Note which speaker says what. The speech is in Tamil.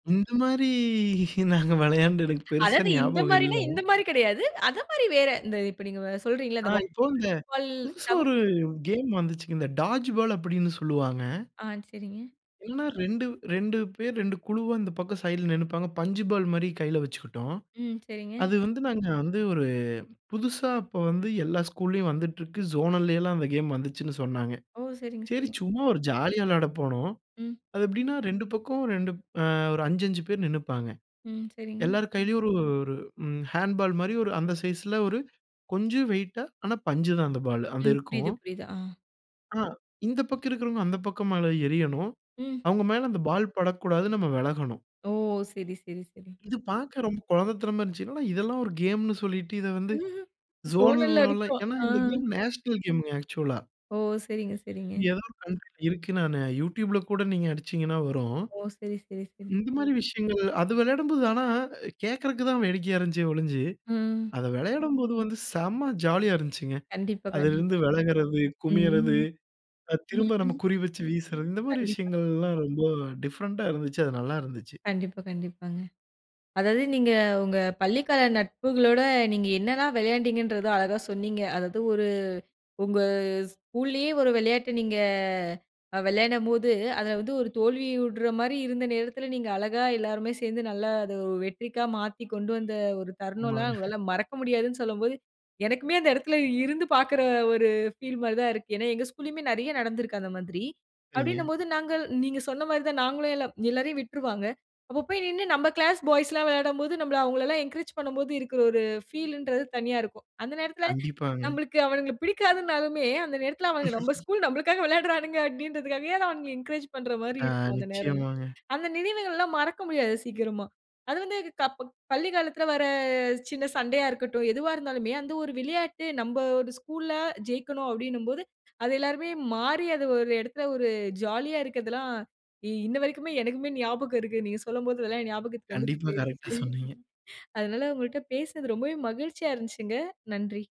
Speaker 1: இந்த மாதிரி நாங்க விளையாண்டு எனக்குப் பெருசா
Speaker 2: அதாவது இந்த
Speaker 1: ஞாபகம் இல்ல.
Speaker 2: மாரினா, இந்த மாரி கெடையாது. அதே மாதிரி வேற. இந்த இப்ப நீங்க சொல்றீங்கல்ல,
Speaker 1: ஆ,
Speaker 2: இந்த வாட்டார்
Speaker 1: இப்ப இந்த
Speaker 2: பால்
Speaker 1: புதுசா ஒரு
Speaker 2: தவிர்த்து கே
Speaker 1: கேம் வந்துச்சுங்க. இந்த டாட்ஜ் பால் அப்டின்னு சொல்லுவாங்க.
Speaker 2: ஆ, சரிங்க.
Speaker 1: என்னா 2-, 2 பேர் 2 அந்தப் பக்கம் சைடுல நின்னுப்பாங்க. பஞ்சு பாலு மாதிரி கையில வச்சுக்கிட்டோம்.
Speaker 2: ம், சரிங்க.
Speaker 1: அது வந்து நாங்க வந்து ஒரு புதுசா அப்ப வந்து எல்லா ஸ்கூல்லயும் வந்துட்ருக்கு. ஜோனல்லைலாம் அந்த கேம் வந்துச்சுன்னு சொன்னாங்க.
Speaker 2: ஓ! சரிங்க,
Speaker 1: சரி,
Speaker 2: சரிங்
Speaker 1: சும்மா ஒரு ஜாலியா விளையாடப் போனோம்.
Speaker 2: ம்.
Speaker 1: அது ,எப்படின்னா 2 பக்கம் 2 அ, ஒரு 5 5 பேர் நின்னுப்பாங்க.
Speaker 2: ம். சரிங்க.
Speaker 1: எல்லாரு கையிலயும் ஒரு ஒரு ம், ஹேண்ட்பால் மாதிரி ஒரு அந்த சைஸ்ல ஒரு கொஞ்சம் வெயிட்டா, ஆனா, பஞ்சுதான் அந்த பாலு. அது
Speaker 2: ம். புரியுது,
Speaker 1: இருக்கும்.
Speaker 2: புரியுது, ஆ.
Speaker 1: ஆ, இந்தப் பக்கம் இருக்கறவங்க அந்தப் பக்கம் மேல எறியணும்.
Speaker 2: ம்,
Speaker 1: அவங்க மேல அந்த பால் படக்கூடாது, நம்ம விலகணும்.
Speaker 2: ஓ! சரி, சரி, சரி.
Speaker 1: இது பாக்க ரொம்ப கொழந்தத்தனமா இருந்துச்சு. இதெல்லாம் ஒரு கேம்ன்னு சொல்லிட்டு இதை வந்து ஜோனல்
Speaker 2: ஜோனல்
Speaker 1: லெவல
Speaker 2: வரைக்கும்
Speaker 1: ஏன்னா,
Speaker 2: ஆ.
Speaker 1: இந்த கேம் நேஷனல் கேமுங்க ஆக்சுவலா
Speaker 2: ஓ! சரிங்க, சரிங்க.
Speaker 1: எதாவது ஒண்ணு இருக்கு நானு யூடியூப்ல கூட நீங்க அடிச்சீங்கன்னா வரும்.
Speaker 2: ஓ! சரி, சரி, சரி.
Speaker 1: இந்த மாதிரி விஷயங்கள் அது விளையாடும்போது ஆனா, அ, கேக்குறதுக்கு தான் வேடிக்கையா இருந்துச்சே ஒளிஞ்சு,
Speaker 2: ம்.
Speaker 1: அத விளையாடும்போது வந்து செம்ம ஜாலியா இருந்துச்சுங்க.
Speaker 2: கண்டிப்பா, கண்டிப்பா,
Speaker 1: அதிலிருந்து விலகுறது, குமியறது,
Speaker 2: ம்.
Speaker 1: அ, திரும்ப நம்ம குறி வச்சு வீசுறது இந்த மாதிரி
Speaker 2: கண்டிப்பா.
Speaker 1: விஷயங்கள்லாம் ரொம்ப டிஃபரெண்டா இருந்துச்சு. அது நல்லா இருந்துச்சு.
Speaker 2: கண்டிப்பா, கண்டிப்பாங்க. அதாவது நீங்க உங்க பள்ளி கால நட்புகளோட நீங்க என்னலாம் விளையாண்டீங்கன்றத அழகா சொன்னீங்க. அதாவது ஒரு உங்க ஸ்கூலயே ஒரு விளையாட்டு நீங்க அ, விளையாடும்போது, அதுல வந்து ஒரு தோல்வியுடற மாதிரி இருந்த நேரத்துல நீங்க அழகா எல்லாருமே சேர்ந்து நல்லா அத, ஒ வெற்றிக்கா மாத்தி கொண்டு வந்த ஒரு தருணம்லாம்
Speaker 1: ஆமாங்க.
Speaker 2: உங்களால மறக்க முடியாதுன்னு சொல்லும்போது எனக்குமே அந்த எடத்துல இருந்து பாக்குற ஒரு ஃபீல் மாரி தான் இருக்கு. ஏன்னா எங்க ஸ்கூலயுமே நெறைய நடந்துருக்கு அந்த மாதிரி.
Speaker 1: சரிங்க.
Speaker 2: அப்டின்னும்போது நாங்கள் நீங்க சொன்ன மாதிரி தான் நாங்களும் எல்லாம் எல்லாரையும் விட்டுருவாங்க. அப்பப்போய் நின்னு நம்ம கிளாஸ் பாய்ஸ்லாம் விளையாடும்போது நம்பள அவங்களலாம் என்கரேஜ் பண்ணும்போது இருக்குற ஒரு ஃபீலுன்றது தனியா இருக்கும். அந்த நேரத்துல
Speaker 1: கண்டிப்பாங்க.
Speaker 2: நம்பளுக்கு அவனுங்கள பிடிக்காதுன்னாலுமே, அந்த நேரத்துல அவனுங்க நம்ப ஸ்கூல், நம்பளுக்காக விளையாடுறானுங்க அப்டின்றதுக்காகவே நான் அவங்கள என்கரேஜ் பண்ற மாதிரி
Speaker 1: ஆ,
Speaker 2: இருக்கும் அந்த நேரம்லாம்.
Speaker 1: நிச்சயமாங்க.
Speaker 2: அந்த நினைவுகள்லாம் மறக்க முடியாது சீக்கிரமா. அது வந்து இது க ப பள்ளி காலத்துல வரச் சின்ன சண்டையா இருக்கட்டும், எதுவா இருந்தாலுமே அந்த ஒரு விளையாட்டு நம்ப ஒரு ஸ்கூல்ல ஜெயிக்கணும் அப்டின்னும்போது அது எல்லாருமே மாறி அது ஒரு இடத்துல ஒரு ஜாலியா இருக்குறதுலாம், இ இன்ன வரைக்குமே எனக்குமே ஞாபகம் இருக்கு. நீங்கச் சொல்லும்போது எல்லாம் ஞாபகத்துக்கு வந்துட்டு
Speaker 1: கண்டிப்பா,
Speaker 2: போயிருச்சு
Speaker 1: கரெக்டா சொன்னீங்க.
Speaker 2: அதனால உங்கள்ட்ட பேசுனது ரொம்பவே மகிழ்ச்சியா இருந்துச்சுங்க. நன்றி.